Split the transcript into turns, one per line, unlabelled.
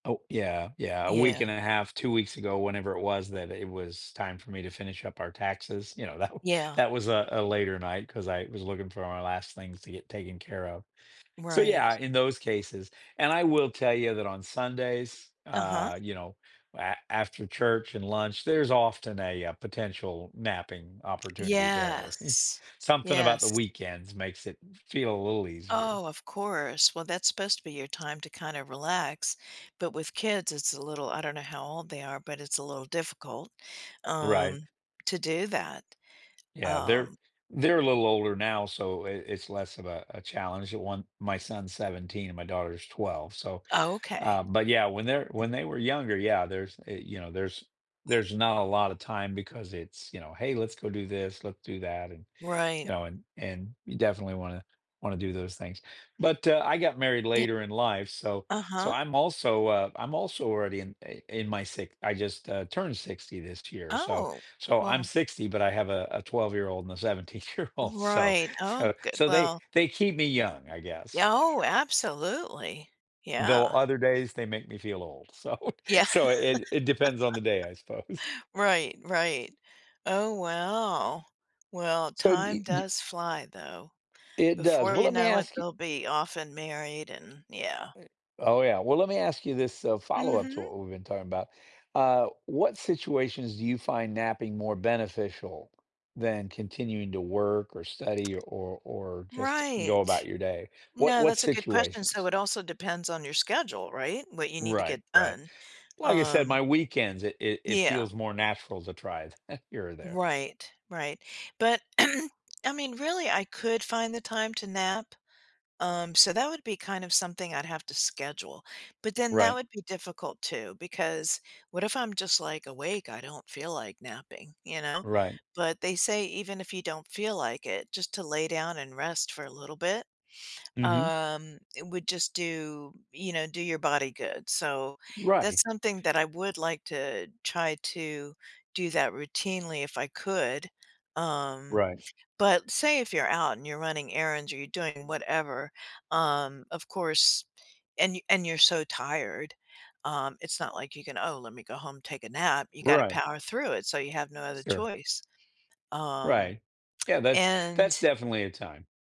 Oh, yeah, yeah, a week
Yeah.
and a half, 2 weeks ago, whenever it was that it was time for me to finish up our taxes, you know, that w
Yeah.
that was a a later night 'cause I was looking for my last things to get taken care of. So, yeah,
Right.
in those cases, and I will tell you that on Sundays,
Uh-huh.
uh, you know, a after church and lunch, there's often a, uh, potential napping opportunity there.
Yes.
Something about the
Yes.
weekends makes it f feel a little easier.
Oh, of course, well that's supposed to be your time to kinda relax, but with kids it's a little I don't know how old they are, but it's a little difficult,
Right.
um, to do that,
Yeah, they're
um
they're a little older now, so it it's less of a a challenge, I want my son's 17 and my daughter's 12, so,
Oh, okay.
uh but yeah, when they're when they were younger, yeah, there's, eh you know, there's there's not a lot of time because it's, you know, "Hey, let's go do this, let's do that," and you
Right.
know and and you definitely wanna wanna do those things, but, uh, I got married
E
later in life, so so
Uh-huh.
I'm also, uh I'm also already in, uh in my si I just, uh, turned 60 this year, so
Oh,
so I'm
well
60, but I have a a twelve-year-old and a seventeen-year-old, so
Right, oh,
so
g
so they,
well.
they keep me young, I guess.
Yeah, oh, absolutely.
Though
Yeah.
other days they make me feel old, so
Yeah.
so it it depends on the day, I suppose.
Right, right. Oh, wow. Well,
So do y
time
d d
does fly though.
It does,
Before
well,
you
let me
know it,
ask y
they'll be off and married and yeah.
Eh Oh yeah, well, let me ask you this, uh, follow-up to
Mhm.
what we've been talking about, uh, what situations do you find napping more beneficial than continuing to work or study or or just go about
Right.
your day? What
No,
what
that's a good question, so
situations?
it also depends on your schedule, right? What you need to
Right,
get
right.
done,
Like I said,
um
my weekends, it it it
Yeah.
feels more natural to try it here or there.
Right, right. But I mean, really, I could find the time to nap, um, so that would be kind of something I'd have to schedule, but then that
Right.
would be difficult too, because, what if I'm just like awake, I don't feel like napping, you know?
Right.
But they say even if you don't feel like it, just to lay down and rest for a little bit,
Mhm.
um, it would just do you know, do your body good, so
Right.
that's something that I would like to try to do that routinely if I could, um,
Right.
but say if you're out and you're running errands or you're doing whatever, um, of course, and and you're so tired, um, it's not like you can, "Oh, let me go home, take a nap," you gotta
Right.
power through it, so you have no other
Sure.
choice, um,
Right. Yeah, that's that's
and
definitely a time.